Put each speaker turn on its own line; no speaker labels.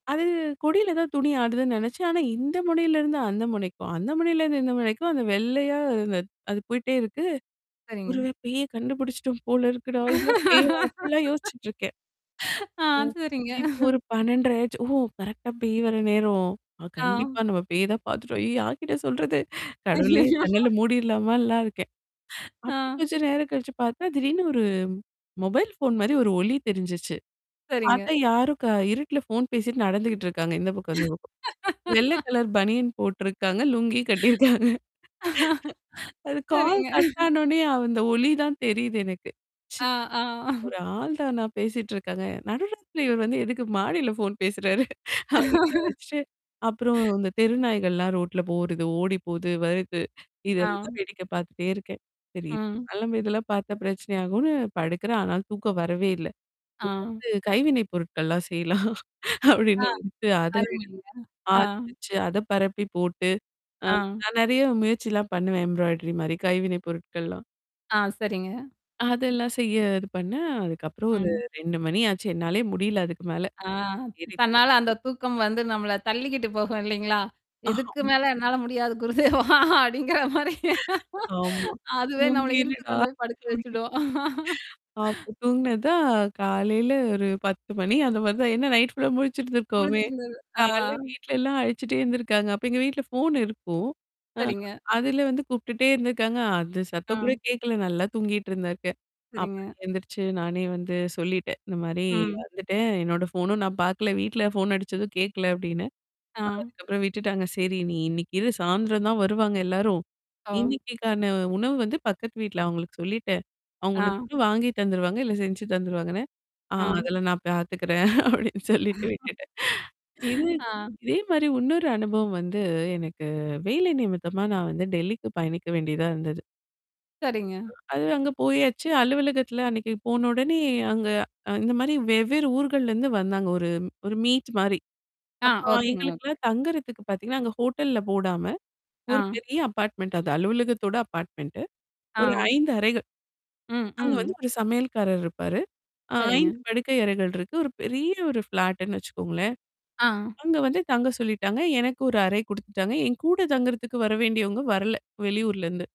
அது கொடியில தான் துணி ஆடுதுன்னு நினைச்சேன். ஆனா இந்த முனையில இருந்து அந்த முனைக்கும். அந்த முனையில இருந்து இந்த முனைக்கும் அந்த வெள்ளையா அந்த அது போயி்ட்டே இருக்கு.
சரிங்க.
ஒருவேள பேய கண்டுபிடிச்சுட்டோம் போல இருக்குடா? இதான் பேய்! அப்டிலாம் யோசிச்சுட்டுருக்கேன்.
ஆ,
ம்.
சரிங்க.
இப்போ ஒரு 12:30 ஆச்சு ஓ! கரெக்ட்டா பேய் வர நேரம். அ
ஆ.
கண்டிப்பா நம்ம பேய் தான் பார்த்துட்டோம். அய்யோ! யார்கிட்ட சொல்றது? கடவுளே!
அய்யய்யோ!
கண்ணல்லாம் மூடிர்லாமலாம் இருக்கேன். அப்புறம்
ஆ.
கொஞ்சம் நேரம் கழிச்சு பார்த்தா, திடீர்னு ஒரு, மொபைல் ஃபோன் மாரி ஒரு ஒளி தெரிஞ்சுச்சு.
சரிங்க.
பாத்தா யாரும் க இருட்ல ஃபோன் பேசிட்டு நடந்துகிட்டு இருக்காங்க. இந்த பக்கம் அந்த பக்கம். வெள்ள கலர் பனியன் போட்டருக்காங்க. லுங்கி கட்டியிருக்காங்க. அது கால்
சரிங்க.
கட் ஆனோனே, அந்த ஒளி தான் தெரியுது எனக்கு.
ஆ, ஆ.
ஒரு ஆள் தானா பேசிட்டு இருக்கவேன். நடுராத்திரில இவர் வந்து எதுக்கு மாடில ஃபோன் பேசுறாரு? அப்டின்னு நெனச்சு அப்புறம் இந்த தெருநாய்கள்லாம் ரோட்ல போறது. ஓடி போது, வருது.
ஆ.
இதெல்லாம் வேடிக்கை பார்த்துட்டே இருக்கேன். தெரியுது.
ஆ.
அதுமில்லா இதெல்லாம் பார்த்தா பிரச்சனை ஆகுன்னு படுக்குறேன். ஆனாலு தூக்கம் வரவே இல்ல. [unintelligible]
ஆ.
இருந்து அது கைவினை பொருட்கள்லாம் செய்யலாம்.
ஆ.
அப்படின்ட்டு அத ரெடி
அருமைங்க. ஆ.
ஆரம்பிச்சு, அத பரப்பி போட்டு, ஆ
ஆ.
நான் நெறைய முயற்சிலாம் பண்ணுவேன். எம்ப்ராய்டரி மாரி. கைவினை பொருட்கள்லாம்.
ஆ, சரிங்க.
அதெல்லாம் செய்ய இது பண்ணேன், அதுக்கப்புறம் ஒரு
ம்.
2 மணி ஆச்சு என்னாலேயே முடியல அதுக்கு மேல.
ஆ,
இருக்
தன்னால அந்த தூக்கம் வந்து நம்மள தள்ளிக்கிட்டு போகும் இல்லைங்களா? இதுக்கு மேல என்னால முடியாது. குருதேவா! அப்படிங்கிற மாரி.
ஆமா.
அதுவே நம்மள இழுத்து
தூங்கிருடா!
கொண்டு போய் படுக்க
அப்டின்னு,
வச்சுடும்.
அப்ப தூங்கினதுதான் காலையில ஒரு 10:00 மணி அந்த மாரி தான். ஏன்னா, நைட் ஃபுல்லா முழிச்சிருந்திருக்கோமே.
முழிச்சிருந்தது. ஆ.
காலைல வீட்லல்லாம் அழச்சுட்டே இருந்திருக்காங்க. அப்ப எங்க வீட்ல ஃபோன் இருக்கும். அ
சரிங்க.
அதுல வந்து கூப்ட்டுட்டே இருந்தருக்காங்க. அது
ஆ.
சத்தம் கூட கேட்கல. நல்லா தூங்கிட்டு இருந்தருக்கேன். அப்புறம்
சரிங்க.
எந்துருச்சு, நானே வந்து சொல்லிட்டேன். இந்த மாரி
ம்.
"வந்துட்டேன். என்னோட ஃபோனும் நான் பார்க்கல. வீட்ல ஃபோன் அடிச்சதும் கேட்கல." அப்டின்னு.
ஆ.
அதுக்கப்புறம் விட்டுட்டாங்க. சரி, "நீ இன்னைக்கு இரு, சாயந்திரம் தான் வருவாங்க எல்லாரும்.
ஆ.
இன்னைக்கக்கான உணவு வந்து பக்கத்து வீட்ல அவங்களுக்கு சொல்லிட்டேன். அவங்க
ஆ.
உனக்கும் வாங்கி தந்துருவாங்க, இல்ல செஞ்சு தந்துருவாங்கன." ஆ
ஆ.
"அதெல்லாம் நான் பாத்துக்கிறேன்." அப்படின்னு சொல்லிட்டு விட்டுட்டேன். இது.
ஆ.
இதே மாரி இன்னொரு அனுபவம் வந்து எனக்கு வேலை நிமித்தமா, நான் வந்து டெல்லிக்கு பயணிக்க வேண்டியதா இருந்தது.
சரிங்க.
[unintelligible] அது அங்க போயாச்சு. அலுவலகத்தில அன்னைக்கு போன உடனே, அங்க அ இந்த மாரி வெவ்வேறு ஊர்கள்லருந்து வந்தாங்க ஒரு ஒரு மீட் மாரி.
ஆ,
அப்ப
ஓகேங்க, ஓகே.
எங்களுக்கெல்லாம் தங்குறதுக்கு பார்த்தீங்கன்னா, அங்க ஹோட்டல்ல போடாம. ஒரு
ஆ.
பெரிய அபார்ட்மெண்ட் அது அலுவலகத்தோட அப்பார்ட்மெண்ட் ஒரு
ஆ.
5 அறைகள்.
ம்,
அங்க வந்து
ம்.
ஒரு சமையல்காரர் இருப்பாரு. அ
சரிங்க.
5 படுக்கை அறைகள் இருக்கு. ஒரு பெரிய ஒரு ஃப்ளாட்டுன்னு வச்சுக்கோங்களேன்.
ஆ.
அங்க வந்து தங்க சொல்லிட்டாங்க. எனக்கு 1 அறை குடுத்துட்டாங்க. என் கூட தங்குறதுக்கு வர வேண்டியவங்க வரல, வெளியூர்லருந்து.